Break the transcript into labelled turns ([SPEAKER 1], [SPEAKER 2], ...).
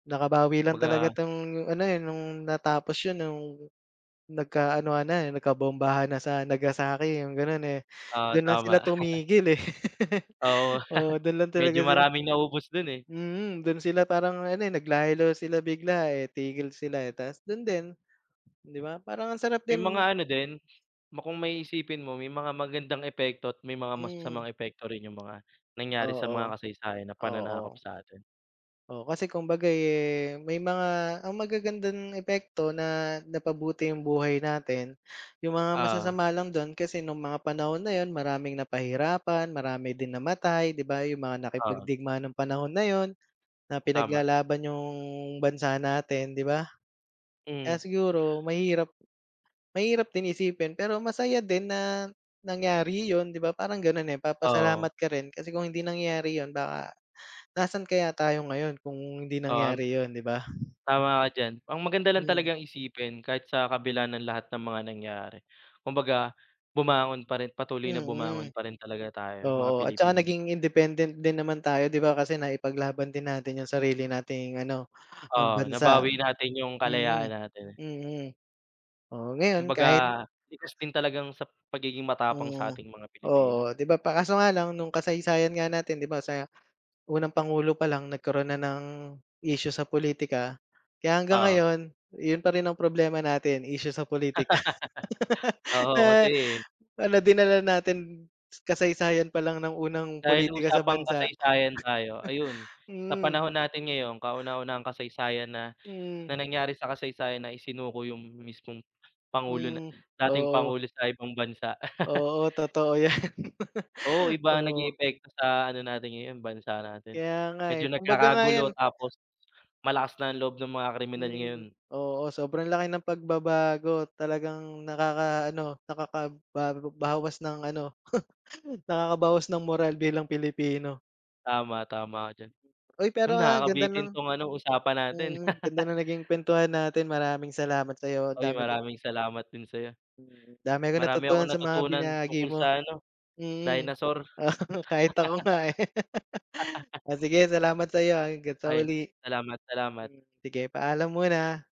[SPEAKER 1] Nakabawi lang
[SPEAKER 2] Baga
[SPEAKER 1] talaga ‘tong ano, eh, nung natapos yun nung nagka-anohan na, eh, nagkabombahan na sa Nagasaki yung ganun, eh,
[SPEAKER 2] Oo,
[SPEAKER 1] dun lang sila
[SPEAKER 2] tama.
[SPEAKER 1] tumigil, eh.
[SPEAKER 2] Oo,
[SPEAKER 1] Oo, dun lang talaga
[SPEAKER 2] medyo
[SPEAKER 1] sila
[SPEAKER 2] maraming naubos dun, eh.
[SPEAKER 1] mm, dun sila parang ano, eh, nag-lie low sila bigla, eh, tigil sila, eh. Ta’s dun din, 'di ba parang ang sarap
[SPEAKER 2] May mga
[SPEAKER 1] din
[SPEAKER 2] ano din, ma kung may iisipin mo may mga magandang epekto at may mga
[SPEAKER 1] Mm.
[SPEAKER 2] masasamang epekto rin yung mga nangyari sa mga
[SPEAKER 1] Oo.
[SPEAKER 2] kasaysayan na pananakop
[SPEAKER 1] Oo.
[SPEAKER 2] sa'tin.
[SPEAKER 1] O, kasi kumbaga, eh, may mga ang magagandang epekto na napabuti yung buhay natin, yung mga
[SPEAKER 2] Oo.
[SPEAKER 1] masasama lang dun kasi nung mga panahon na yun, maraming napahirapan marami din namatay 'di ba. Yung mga
[SPEAKER 2] Oo.
[SPEAKER 1] nakipagdigma ng panahon na yun na
[SPEAKER 2] Tama.
[SPEAKER 1] pinaglalaban yung bansa natin 'di ba. Kaya
[SPEAKER 2] Mm.
[SPEAKER 1] siguro mahirap mahirap din isipin pero masaya din na nangyari yun 'di ba. Parang ganun, eh.
[SPEAKER 2] Oo.
[SPEAKER 1] Papasalamat ka rin kasi kung hindi nangyari yun baka nasaan kaya tayo ngayon kung hindi
[SPEAKER 2] Um.
[SPEAKER 1] nangyari yun 'di ba.
[SPEAKER 2] Tama ka diyan. Ang maganda lang
[SPEAKER 1] Mm.
[SPEAKER 2] talagang isipin kahit sa kabila ng lahat ng mga nangyari, kumbaga bumangon pa rin, patuloy na bumangon
[SPEAKER 1] Mm.
[SPEAKER 2] pa rin talaga tayo- mga
[SPEAKER 1] Oo, at tsaka
[SPEAKER 2] Pilipino.
[SPEAKER 1] naging independent din naman tayo 'di ba kasi naipaglaban din natin yung sarili nating ano, ang
[SPEAKER 2] Oo,
[SPEAKER 1] bansa.
[SPEAKER 2] nabawi natin yung
[SPEAKER 1] Mm,
[SPEAKER 2] kalayaan natin, eh.
[SPEAKER 1] mm. Oo, ngayon
[SPEAKER 2] Kumbaga,
[SPEAKER 1] kahit
[SPEAKER 2] likas din talagang sa pagiging matapang sa
[SPEAKER 1] Mm.
[SPEAKER 2] ating mga Pilipino.
[SPEAKER 1] Oo, 'di ba pa kaso nga lang nung kasaysayan nga natin 'di ba sa unang pangulo pa lang nagkaroon na ng isyu sa pulitika. Kaya hanggang
[SPEAKER 2] Oo.
[SPEAKER 1] ngayon, yun pa rin ang problema natin issue sa pulitika.
[SPEAKER 2] Oo, kasi
[SPEAKER 1] Na ano, dinala natin s kasaysayan pa lang nang unang
[SPEAKER 2] Dahil
[SPEAKER 1] pulitika sa
[SPEAKER 2] usapang
[SPEAKER 1] bansa.
[SPEAKER 2] kasaysayan tayo ayun, sa
[SPEAKER 1] Mm.
[SPEAKER 2] panahon natin ngayong kauna-unahang kasaysayan na na
[SPEAKER 1] Mm.
[SPEAKER 2] nangyari sa kasaysayan na isinuko yung mismong pangulo na
[SPEAKER 1] Mm,
[SPEAKER 2] dating
[SPEAKER 1] oo.
[SPEAKER 2] pangulo sa ibang bansa.
[SPEAKER 1] Oo, totoo 'yan.
[SPEAKER 2] Oo, iba ang naging
[SPEAKER 1] Oo.
[SPEAKER 2] epekto sa ano natin ngayon, bansa natin.
[SPEAKER 1] Kaya nga, eh,
[SPEAKER 2] Medyo
[SPEAKER 1] kumbaga nga 'yan
[SPEAKER 2] nagkakagulo tapos malakas na ang loob ng mga kriminal
[SPEAKER 1] Mm.
[SPEAKER 2] ngayon.
[SPEAKER 1] Oo, sobrang laki ng pagbabago talagang nakaka-ano, nakakabago bawas ng ano, nakakabawas ng moral bilang Pilipino.
[SPEAKER 2] Tama, tama ka diyan.
[SPEAKER 1] Uy,
[SPEAKER 2] Yun,
[SPEAKER 1] pero, ah, ganda
[SPEAKER 2] nakakabitin
[SPEAKER 1] ng
[SPEAKER 2] 'tong ano, usapan natin.
[SPEAKER 1] mm, ganda ng naging kwentuhan natin. Maraming salamat sa'yo, ang
[SPEAKER 2] Uy,
[SPEAKER 1] dami kong
[SPEAKER 2] maraming salamat din sa'yo.
[SPEAKER 1] Mm, dami kong
[SPEAKER 2] Marami
[SPEAKER 1] natutunan
[SPEAKER 2] akong
[SPEAKER 1] sa mga
[SPEAKER 2] natutunan
[SPEAKER 1] binahagi
[SPEAKER 2] tungkol
[SPEAKER 1] mo.
[SPEAKER 2] sa ano,
[SPEAKER 1] Mm,
[SPEAKER 2] dinosaur.
[SPEAKER 1] oo kahit ako nga, eh. Ah, sige salamat sa'yo ah. Hangga't sa
[SPEAKER 2] Ay,
[SPEAKER 1] uli.
[SPEAKER 2] salamat, salamat.
[SPEAKER 1] Mm, sige paalam muna.